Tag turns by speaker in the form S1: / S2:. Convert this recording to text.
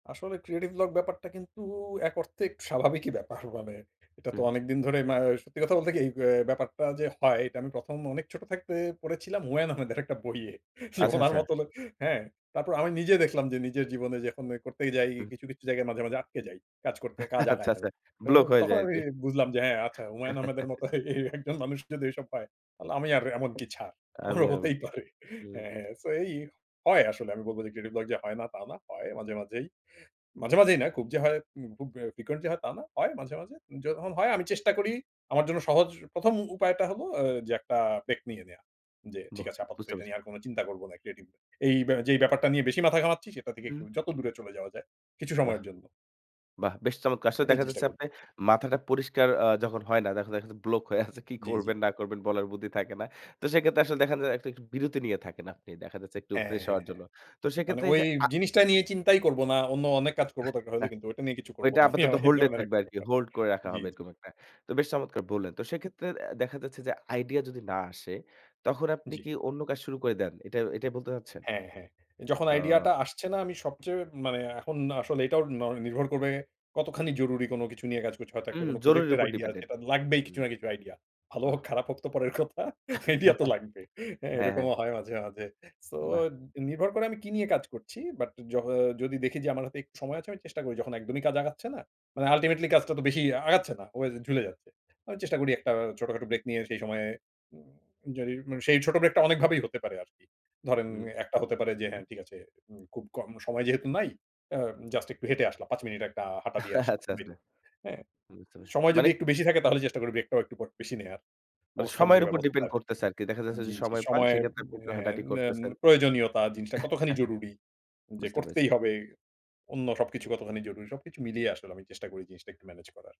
S1: আসলে creative vlog ব্যাপারটা কিন্তু এক অর্থে একটু স্বাভাবিকই ব্যাপার। মানে এটা তো
S2: হুম।
S1: অনেকদিন ধরে ম্যা সত্যি কথা বলতে কি, এই অ্যা এই ব্যাপারটা যে, হয় এটা আমি ১ম, অনেক ছোট থাকতে পড়েছিলাম হুমায়ূন আহমেদের একটা বইয়ে। যে,
S2: আচ্ছা,
S1: উনার
S2: আচ্ছা।
S1: মত লোক হ্যাঁ, তারপর আমি নিজে দেখলাম, যে, নিজের জীবনে যখন ওই করতেই যাই
S2: উহু।
S1: কিছু, কিছু জায়গায় মাঝে, মাঝে আটকে যাই। কাজ করতে কাজ
S2: আচ্ছা,
S1: আগায়
S2: আচ্ছা।
S1: গেলাম। ত
S2: ব্লক হয়ে
S1: তখন
S2: যায়
S1: আমি
S2: আরকি।
S1: বুঝলাম যে, হ্যাঁ, আচ্ছা হুমায়ুন আহমেদের মত এ একজন মানুষ যদি ওইসব পায়, তাহলে আমি আর এমন কি ছাড়।
S2: আমি,
S1: আমারও
S2: আমি
S1: হতেই
S2: কি,
S1: পারে।
S2: হুম।
S1: হ্যাঁ, হ্যাঁ, সেই, এই হয় আসলে আমি বলব যে, ক্রিয়েটিভ ব্লগ যে, হয় না তা না হয় মাঝে মাঝেই। মাঝে মাঝেই না খুব যে, হয় উম খুব frequent হয় তা না, হয় মাঝে, মাঝে। যখন হয় আমি চেষ্টা করি আমার জন্য সহজ ১ম, উপায়টা হলো অ যে, একটা ব্রেক নিয়ে নেওয়া। যে, ঠিক
S2: বাহ!
S1: আছে আপাতত
S2: বুঝতে
S1: এটা
S2: পেরেছি।
S1: নিয়ে আর কোন চিন্তা করব না ক্রিয়েটিভ। এই যেই ব্যাপারটা নিয়ে বেশি মাথা ঘামাচ্ছি সেটা একটু থেকে
S2: উহু।
S1: যত দূরে চলে যাওয়া যায় কিছু
S2: বাহ!
S1: সময়ের জন্য।
S2: বাহ! বেশ চমৎকার! আসলে
S1: এটাই
S2: দেখা
S1: চেষ্টা
S2: যাচ্ছে
S1: করি।
S2: আপনি মাথাটা পরিষ্কার আ যখন হয় না, দেখা যায় শুধু ব্লক হয়ে আছে, কি
S1: জি, জি।
S2: করবেন না করবেন বলার বুদ্ধি থাকে না। তো সেক্ষেত্রে আসলে দেখান যায় একটা একটু বিরতি নিয়ে থাকেন আপনি। দেখা যাচ্ছে একটু
S1: হ্যাঁ, হ্যাঁ,
S2: ফ্রেশ
S1: হ্যাঁ,
S2: হওয়ার
S1: হ্যাঁ।
S2: জন্য। তো
S1: মানে
S2: সেক্ষেত্রে এই
S1: ওই
S2: যে, আ
S1: জিনিসটা নিয়ে চিন্তাই করব না। অন্য অনেক কাজ করব দরকার হলে কিন্তু ঐটা নিয়ে কিছু করব
S2: ওইটা
S1: না। আমি,
S2: আপাতত
S1: আমি এই
S2: হোল্ড এ
S1: ধরনের
S2: থাকবে
S1: একটা
S2: আরকি।
S1: ব্যাপার।
S2: হোল্ড করে রাখা
S1: জি,
S2: হবে
S1: জি।
S2: এরকম একটা। তো বেশ চমৎকার বললেন! তো সেক্ষেত্রে অ্যা দেখা যাচ্ছে যে, আইডিয়া যদি না আসে তখন আপনি
S1: জি।
S2: কি অন্য কাজ শুরু করে দেন? এটা, এটাই বলতে চাচ্ছেন?
S1: হ্যাঁ, হ্যাঁ। যখন
S2: ও।
S1: আইডিয়াটা আসছে না আমি সবচেয়ে মানে এখন আসলে এটাও ন নির্ভর করবে কতখানি জরুরি কোনো কিছু নিয়ে কাজ করছে। হয়তো একটা
S2: হুম,
S1: কোনো প্রজেক্ট
S2: জরুরীর
S1: এর
S2: উপর
S1: আইডিয়া
S2: ডিপেন্ডেন্ট।
S1: যেটা লাগবেই কিছু
S2: হুম।
S1: না কিছু আইডিয়া। ভাল
S2: বাহ!
S1: হোক খারাপ হোক তো পরের কথা। আইডিয়া তো লাগবেই। হ্যাঁ,
S2: হ্যাঁ, হ্যাঁ।
S1: এরকমও হয় মাঝে, মাঝে। সো
S2: বাহ!
S1: নির্ভর করে আমি কি নিয়ে কাজ করছি বাট য যদি দেখি যে, আমার হাতে একটু সময় আছে আমি চেষ্টা করি যখন একদমই কাজ আগাচ্ছে না। মানে ultimately কাজটা তো বেশিই আগাচ্ছে না ও ঝুলে যাচ্ছে। আমি চেষ্টা করি একটা ছোটখাটো ব্রেক নিয়ে সেই সময়ে উম য সেই ছোট ব্রেকটা অনেকভাবেই হতে পারে আরকি। ধরেন
S2: হুম।
S1: একটা হতে পারে যে,
S2: উম
S1: হ্যাঁ, ঠিক আছে উম খুব কম সময় যেহেতু নাই আ জাস্ট একটু হেঁটে আসলাম। ৫ মিনিট একটা হাঁটা দিয়ে আসলাম।
S2: আচ্ছা, আচ্ছা।
S1: দিলো, হ্যাঁ,
S2: বুঝতে পারছি।
S1: সময় যদি
S2: মানে
S1: একটু বেশি থাকে তাহলে চেষ্টা করি ব্রেকটাও পট একটু বেশি নেয়ার।
S2: মানে
S1: অবস্থা
S2: সময়ের
S1: বুঝে
S2: উপর
S1: ব্যবস্থা
S2: ডিপেন্ড
S1: আরকি
S2: করছে আরকি। দেখা যাচ্ছে যে,
S1: জি, জি,
S2: সময় পান
S1: সময়
S2: সেক্ষেত্রে আপনি
S1: অ্যা
S2: হাঁটাহাঁটি
S1: ন্যম
S2: করতেছেন।
S1: প্রয়োজনীয়তা জিনিসটা কতখানি জরুরি যে,
S2: বুঝতে
S1: করতেই
S2: পেরেছি।
S1: হবে। অন্য সবকিছু কতখানি জরুরি। সবকিছু মিলিয়ে আসলে আমি চেষ্টা করি জিনিসটা একটু মেনেজ করার।